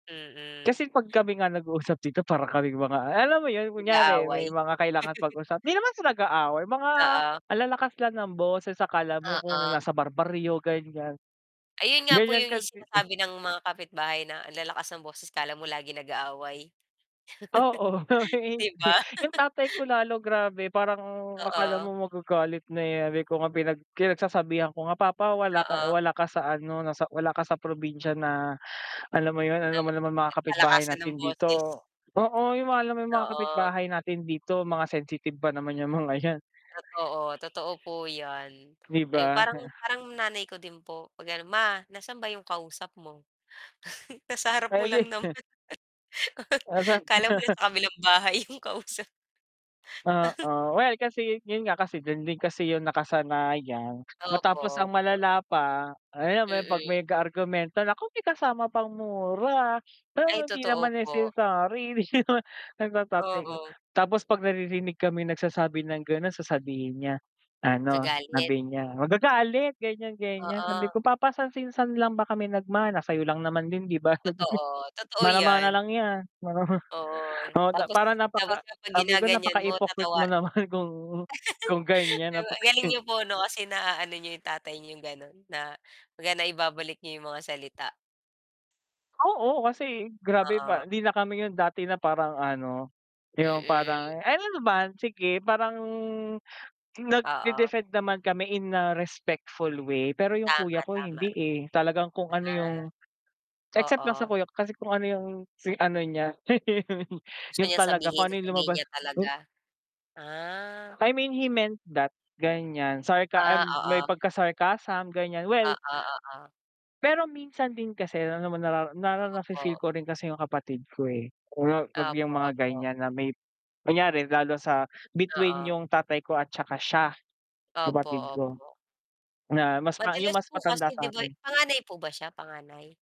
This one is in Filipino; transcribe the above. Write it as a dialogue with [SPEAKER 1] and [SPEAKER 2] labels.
[SPEAKER 1] Mm.
[SPEAKER 2] Kasi 'pag kami nga nag-uusap dito para kaming mga ah, alam mo yun kunyari may
[SPEAKER 1] Nag-aaway.
[SPEAKER 2] mga kailangan pag-usapan di naman sa nag-aaway, mga
[SPEAKER 1] Oo.
[SPEAKER 2] ang lalakas lang ng boses, akala mo kung
[SPEAKER 1] Oo.
[SPEAKER 2] nasa barbaryo, ganyan.
[SPEAKER 1] Ayun nga po,
[SPEAKER 2] Ganyan
[SPEAKER 1] yung
[SPEAKER 2] kasi
[SPEAKER 1] sinasabi ng mga kapitbahay na ang lalakas ng boses akala mo laging nag-aaway.
[SPEAKER 2] Oo, kami
[SPEAKER 1] Di
[SPEAKER 2] hindi.
[SPEAKER 1] ba?
[SPEAKER 2] Yung tatay ko lalo grabe, parang akala
[SPEAKER 1] Oo.
[SPEAKER 2] mo magagalit na, eh. Sabi ko nga pinag pinagsasabihan ko nga, "Papa wala ka
[SPEAKER 1] Oo.
[SPEAKER 2] wala ka sa ano, nasa wala ka sa probinsya na alam mo yun,
[SPEAKER 1] Na
[SPEAKER 2] alam mo naman mga kapitbahay
[SPEAKER 1] palakasan ng
[SPEAKER 2] natin
[SPEAKER 1] boses.
[SPEAKER 2] dito, oo, yung mga alam mo yung mga
[SPEAKER 1] Oo.
[SPEAKER 2] kapitbahay natin dito, mga sensitive pa naman yung mga 'yan."
[SPEAKER 1] Totoo, totoo po 'yan.
[SPEAKER 2] Di
[SPEAKER 1] Ayun,
[SPEAKER 2] ba?
[SPEAKER 1] parang parang nanay ko din po, 'pag ganun, "Ma, nasaan ba 'yong kausap mo, nasa harap mo lang
[SPEAKER 2] Pwede
[SPEAKER 1] naman."
[SPEAKER 2] din. O saan
[SPEAKER 1] Akala mo sa kabilang bahay yung kausap.
[SPEAKER 2] Oo. Well, kasi yun nga kasi dun din kasi yung nakasanayan.
[SPEAKER 1] Opo,
[SPEAKER 2] Matapos ang
[SPEAKER 1] opo.
[SPEAKER 2] malala pa, ayan, 'pag
[SPEAKER 1] Mm.
[SPEAKER 2] may argumento, naku may kasama pang mura,
[SPEAKER 1] Ay,
[SPEAKER 2] pero hindi
[SPEAKER 1] totoo
[SPEAKER 2] naman
[SPEAKER 1] po.
[SPEAKER 2] necessary, di naman, sabi ng tatay ko.
[SPEAKER 1] Oo.
[SPEAKER 2] Tapos 'pag naririnig kami nagsasabi ng ganon sasabihin niya ano,
[SPEAKER 1] Magagalit.
[SPEAKER 2] sabi niya magagalit, ganyan-ganyan. Sabi
[SPEAKER 1] Oo.
[SPEAKER 2] ko, "Papa saan, sinan lang ba kami nagmana, sa'yo lang naman din 'di ba?
[SPEAKER 1] Totoo, totoo
[SPEAKER 2] Mana mana
[SPEAKER 1] 'yan.
[SPEAKER 2] lang yan."
[SPEAKER 1] Oo,
[SPEAKER 2] Oo,
[SPEAKER 1] tapos
[SPEAKER 2] parang
[SPEAKER 1] tapos
[SPEAKER 2] napaka
[SPEAKER 1] 'pag
[SPEAKER 2] sabi ko
[SPEAKER 1] ginaganyan mo
[SPEAKER 2] napaka-hypocrite
[SPEAKER 1] tatawa
[SPEAKER 2] mo naman kung kung ganyan
[SPEAKER 1] di ba, ang
[SPEAKER 2] napaka
[SPEAKER 1] galing niyo po 'no, kasi naaano niyo yung tatay yung ganun na kumbaga naibabalik niyo yung mga salita.
[SPEAKER 2] Oo, kasi grabe
[SPEAKER 1] Oo.
[SPEAKER 2] ba hindi na kami yun dati na parang ano, yung
[SPEAKER 1] Mm.
[SPEAKER 2] parang ay ano naman, sige, parang
[SPEAKER 1] Oo.
[SPEAKER 2] nagde-defend naman kami in a respectful way, pero yung
[SPEAKER 1] Tama,
[SPEAKER 2] kuya ko
[SPEAKER 1] tama.
[SPEAKER 2] hindi, eh, talagang kung ano yung
[SPEAKER 1] Ah.
[SPEAKER 2] except
[SPEAKER 1] Oo.
[SPEAKER 2] lang sa kuya ko kasi kung ano yung si ano niya
[SPEAKER 1] Gusto
[SPEAKER 2] yun
[SPEAKER 1] niya
[SPEAKER 2] talaga kung
[SPEAKER 1] sabihin,
[SPEAKER 2] ano yung
[SPEAKER 1] sasabihin
[SPEAKER 2] lumabas,
[SPEAKER 1] niya
[SPEAKER 2] m
[SPEAKER 1] talaga. Ah.
[SPEAKER 2] I mean, he meant that ganyan sarka
[SPEAKER 1] Ah,
[SPEAKER 2] um, may
[SPEAKER 1] oo.
[SPEAKER 2] pagka-sarcasm, ganyan.
[SPEAKER 1] Oo,
[SPEAKER 2] Well
[SPEAKER 1] oo.
[SPEAKER 2] Pero minsan din kasi alam naman narara na na-fi-feel
[SPEAKER 1] Opo.
[SPEAKER 2] ko rin kasi yung kapatid ko eh, 'pag yung
[SPEAKER 1] Opo,
[SPEAKER 2] mga
[SPEAKER 1] opo.
[SPEAKER 2] ganyan na may kunyari lalo sa between
[SPEAKER 1] Oo.
[SPEAKER 2] yung tatay ko at tsaka siya,
[SPEAKER 1] Opo,
[SPEAKER 2] kapatid ko,
[SPEAKER 1] opo.
[SPEAKER 2] na mas pa yung
[SPEAKER 1] Madalas
[SPEAKER 2] mas
[SPEAKER 1] po
[SPEAKER 2] matanda
[SPEAKER 1] kasi 'di ba
[SPEAKER 2] sa'kin.
[SPEAKER 1] panganay po ba siya, panganay?